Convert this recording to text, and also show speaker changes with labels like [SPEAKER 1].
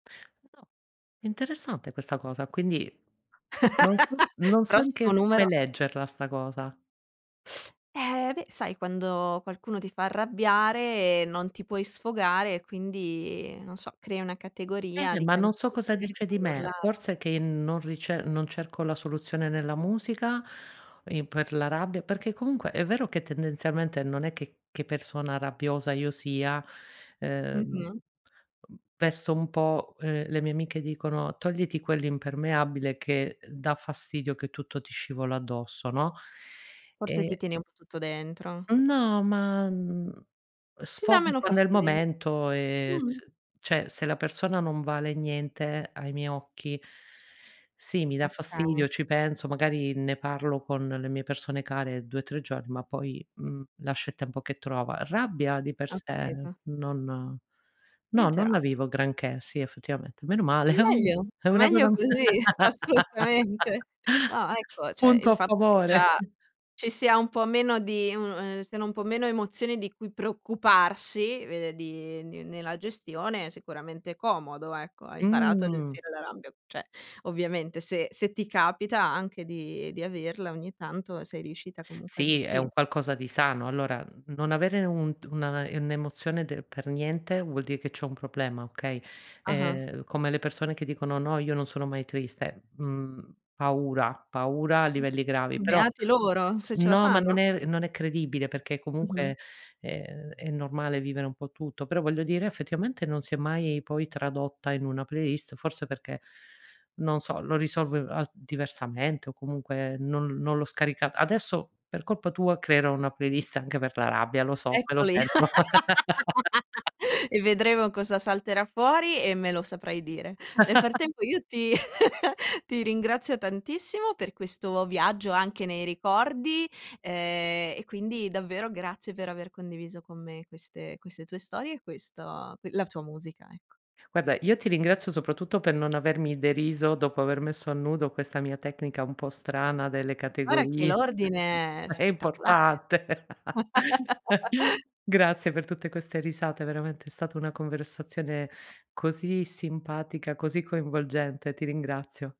[SPEAKER 1] Eh, no. Interessante questa cosa, quindi non so s non so
[SPEAKER 2] Prossimo
[SPEAKER 1] neanche come
[SPEAKER 2] numero.
[SPEAKER 1] leggerla sta cosa.
[SPEAKER 2] Eh beh, sai quando qualcuno ti fa arrabbiare e non ti puoi sfogare e quindi, non so, crei una categoria
[SPEAKER 1] Bene,
[SPEAKER 2] di
[SPEAKER 1] ma non so
[SPEAKER 2] canzoni che
[SPEAKER 1] cosa
[SPEAKER 2] magari ti
[SPEAKER 1] dice di
[SPEAKER 2] fanno
[SPEAKER 1] me.
[SPEAKER 2] urlare.
[SPEAKER 1] Forse che non rice non cerco la soluzione nella musica in per la rabbia, perché comunque è vero che tendenzialmente non è che che persona rabbiosa io sia. Ehm,
[SPEAKER 2] Mh-mh.
[SPEAKER 1] ehm, vesto un po' ehm, le mie amiche dicono: "Togliti quell'impermeabile che, ehm, dà fastidio che tutto ti scivola addosso", no.
[SPEAKER 2] Forse, ti
[SPEAKER 1] E
[SPEAKER 2] tieni un po' tutto dentro.
[SPEAKER 1] No ma, mhmm,
[SPEAKER 2] Ti dà
[SPEAKER 1] sfogo
[SPEAKER 2] meno
[SPEAKER 1] quand'è il
[SPEAKER 2] fastidio.
[SPEAKER 1] momento e
[SPEAKER 2] Mh-mh.
[SPEAKER 1] s cioè se la persona non vale niente ai miei occhi, sì, mi dà
[SPEAKER 2] Okay.
[SPEAKER 1] fastidio, ci penso, magari ne parlo con le mie persone care 2, 3 giorn ma poi, mhmm, lascio il tempo che trova. Rabbia di per
[SPEAKER 2] Ho
[SPEAKER 1] sé,
[SPEAKER 2] capito.
[SPEAKER 1] non no
[SPEAKER 2] Niente
[SPEAKER 1] non la
[SPEAKER 2] rabbia.
[SPEAKER 1] vivo granché, sì effettivamente. Meno male, è un
[SPEAKER 2] Meglio.
[SPEAKER 1] è una cosa
[SPEAKER 2] Meglio
[SPEAKER 1] m
[SPEAKER 2] così, assolutamente. Ah ecco, cioè
[SPEAKER 1] punto
[SPEAKER 2] il
[SPEAKER 1] a
[SPEAKER 2] fatto che
[SPEAKER 1] favore.
[SPEAKER 2] già ci sia un po' meno di uno ehm, siano un po' meno emozioni di cui preoccuparsi, vede di ehm, di nella gestione, è sicuramente comodo ecco. Hai imparato a
[SPEAKER 1] Mh.
[SPEAKER 2] gestire la rabbia, cioè ovviamente se se ti capita anche di di averla ogni tanto sei riuscita comunque a
[SPEAKER 1] Sì, è
[SPEAKER 2] gesti
[SPEAKER 1] un qualcosa di sano. Allora, mhmm, non avere un d una, ehm, un'emozione de per niente vuol di' che c'è un problema, okay.
[SPEAKER 2] Ah-ah.
[SPEAKER 1] Ehm, come le persone che dicono: "No io non sono mai triste". Mhmm, paura, paura a livelli gravi; però
[SPEAKER 2] Beati loro, se ce la
[SPEAKER 1] no, ma non
[SPEAKER 2] fanno.
[SPEAKER 1] è non è credibile perché comunque
[SPEAKER 2] Mh-mh.
[SPEAKER 1] è è è normale vivere un po' tutto, però voglio dire effettivamente non si è mai poi tradotta in una playlist, forse perché non so, lo risolvo a diversamente o comunque non non l'ho scaricata. Adesso per colpa tua creerò una playlist anche per la rabbia, lo so, me lo
[SPEAKER 2] Eccoli,
[SPEAKER 1] sento.
[SPEAKER 2] e vedremo cosa salterà fuori e me lo saprai dire. Nel frattempo io ti ti ringrazio tantissimo per questo viaggio anche nei ricordi, ehm, e quindi davvero grazie per aver condiviso con me queste queste tue storie, e questo ehm, la tua musica, ecco.
[SPEAKER 1] Guarda, io ti ringrazio soprattutto per non avermi deriso, dopo aver messo a nudo questa mia tecnica un po' strana delle
[SPEAKER 2] Guarda che
[SPEAKER 1] categorie.
[SPEAKER 2] l'ordine è
[SPEAKER 1] È
[SPEAKER 2] spettacolare.
[SPEAKER 1] importante. Grazie per tutte queste risate, veramente è stato una conversazione così simpatica, così coinvolgente. Ti ringrazio.